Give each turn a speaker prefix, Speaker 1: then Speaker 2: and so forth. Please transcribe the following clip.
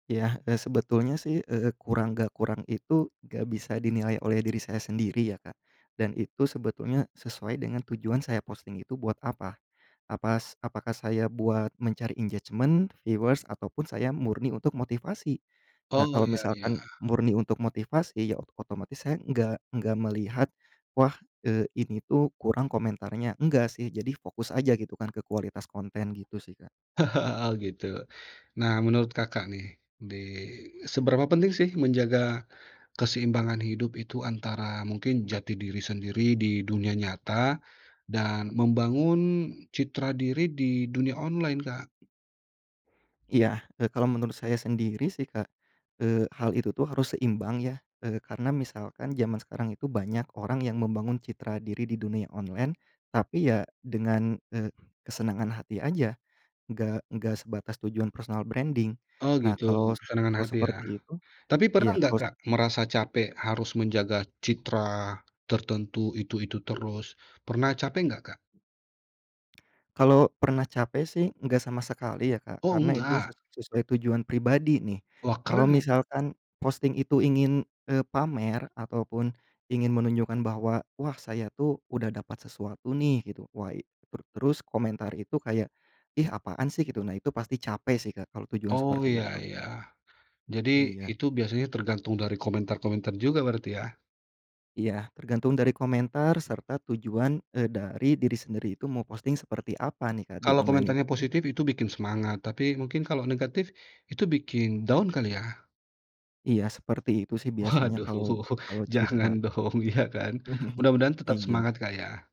Speaker 1: Yah, eee, sebetulnya sih, eee, kurang nggak kurang itu, nggak bisa dinilai oleh diri saya sendiri, ya, Kak. Dan itu sebetulnya sesuai dengan tujuan saya posting itu buat apa. Apas apakah saya buat mencari engagement, viewers, atau pun saya murni untuk motivasi. Nah,
Speaker 2: Oh,
Speaker 1: kalau
Speaker 2: iya iya.
Speaker 1: misalkan murni untuk motivasi, ya oto otomatis saya nggak nggak melihat, wah, eee, ini tuh kurang komentarnya. Nggak sih, jadi fokus aja gitu kan, ke kualitas konten gitu sih, Kak.
Speaker 2: Oh, gitu? Nah, menurut Kakak nih, di seberapa penting sih menjaga keseimbangan hidup itu, antara mungkin jati diri sendiri di dunia nyata dan membangun citra diri di dunia online, Kak?
Speaker 1: Iya, eee, kalau menurut saya sendiri sih, Kak, eee, hal itu tuh harus seimbang ya, eee, karena misalkan zaman sekarang itu banyak orang yang membangun citra diri di dunia online, tapi ya dengan, eee, kesenangan hati aja, nggak nggak sebatas tujuan personal branding.
Speaker 2: Oh,
Speaker 1: Nah,
Speaker 2: gitu?
Speaker 1: kalau s
Speaker 2: Kesenangan
Speaker 1: kalau
Speaker 2: hati ya.
Speaker 1: seperti itu
Speaker 2: Tapi pernah
Speaker 1: iya,
Speaker 2: nggak,
Speaker 1: kalau s
Speaker 2: Kak, merasa capek harus menjaga citra tertentu, itu-itu terus? Pernah capek nggak, Kak?
Speaker 1: Kalau pernah capek sih, nggak sama sekali ya, Kak,
Speaker 2: Oh,
Speaker 1: karena itu
Speaker 2: nggak?
Speaker 1: ses sesuai tujuan pribadi nih.
Speaker 2: Wah,
Speaker 1: Kalau
Speaker 2: keren nih!
Speaker 1: misalkan posting itu ingin, eee, pamer ataupun ingin menunjukkan bahwa, wah saya tuh udah dapat sesuatu nih, gitu. Wah i ter terus komentar itu kayak, "Ih, apaan sih," gitu. Nah, itu pasti capek sih Kak, kalau tujuan
Speaker 2: Oh, iya
Speaker 1: seperti itu.
Speaker 2: iya. Jadi
Speaker 1: Iya.
Speaker 2: itu biasanya tergantung dari komentar-komentar juga berarti ya?
Speaker 1: Iya. Tergantung dari komentar serta tujuan, eee, dari diri sendiri itu mau posting seperti apa nih, Kak, di
Speaker 2: Kalau
Speaker 1: online itu
Speaker 2: komentarnya
Speaker 1: gitu.
Speaker 2: positif, itu bikin semangat. Tapi mungkin kalau negatif, itu bikin down kali ya?
Speaker 1: Iya, seperti itu sih biasanya
Speaker 2: Waduh,
Speaker 1: kalau kalau
Speaker 2: jangan
Speaker 1: citra
Speaker 2: dong, iya, kan. Mudah-mudahan tetap
Speaker 1: Iya.
Speaker 2: semangat, Kak ya.